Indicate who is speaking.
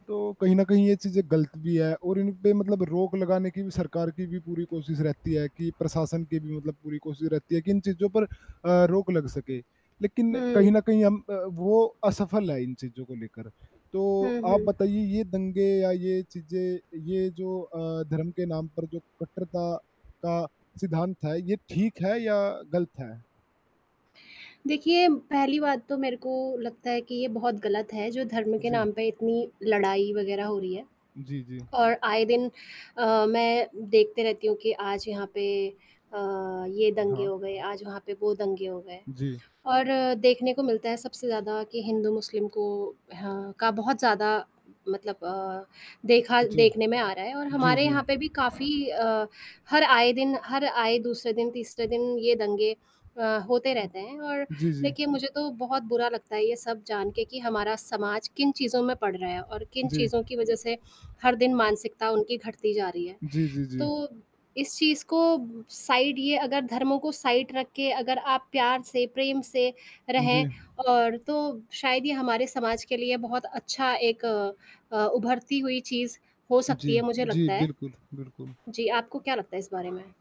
Speaker 1: तो कहीं न कहीं ये चीज़ें गलत भी है और इन पे मतलब रोक लगाने की भी सरकार की भी पूरी कोशिश रहती है कि, प्रशासन की भी मतलब पूरी कोशिश रहती है कि इन चीज़ों पर अ, रोक लग सके, लेकिन कहीं न
Speaker 2: हुँ।
Speaker 1: कहीं हम अ, वो असफल है इन चीज़ को लेकर। तो
Speaker 2: हुँ,
Speaker 1: आप
Speaker 2: हुँ।
Speaker 1: बताइए ये दंगे या ये चीज़ें, ये जो अ, धर्म के नाम पर जो कट्टरता का सिद्धांत है, ये ठीक है या गलत है?
Speaker 2: देखिए, पहली बात तो मेरे को लगता है कि ये बहुत गलत है, जो धर्म के
Speaker 1: जी।
Speaker 2: नाम पे इतनी लड़ाई वगैरह हो रही है।
Speaker 1: जी, जी।
Speaker 2: और आए दिन अ, मैं देखती रहती हूँ कि आज यहाँ पे अ, ये दंगे
Speaker 1: हाँ।
Speaker 2: हो गए, आज वहाँ पे वो दंगे हो गए
Speaker 1: जी।
Speaker 2: और देखने को मिलता है सबसे ज़्यादा कि हिंदू, मुस्लिम को हाँ, का बहुत ज़्यादा मतलब अ, देखा
Speaker 1: जी।
Speaker 2: देखने में आ रहा है, और
Speaker 1: जी,
Speaker 2: हमारे
Speaker 1: जी।
Speaker 2: यहाँ पे भी काफ़ी अ, हर आए दिन हर आए दूसरे दिन, तीसरे दिन ये दंगे अ, होते रहते हैं। और
Speaker 1: जी, जी।
Speaker 2: देखिए, मुझे तो बहुत बुरा लगता है ये सब जान के कि हमारा समाज किन चीज़ों में पड़ रहा है और किन
Speaker 1: जी।
Speaker 2: चीज़ों की वजह से हर दिन मानसिकता उनकी घटती जा रही है,
Speaker 1: जी, जी, जी।
Speaker 2: तो इस चीज़ को साइड ये अगर धर्मों को साइड रख के, अगर आप प्यार से, प्रेम से रहें
Speaker 1: जी।
Speaker 2: और तो शायद ये हमारे समाज के लिए बहुत अच्छा एक अ, उभरती हुई चीज़ हो सकती है
Speaker 1: जी,
Speaker 2: मुझे
Speaker 1: जी,
Speaker 2: लगता है।
Speaker 1: बिल्कुल, बिल्कुल।
Speaker 2: जी, आपको क्या लगता है इस बारे में?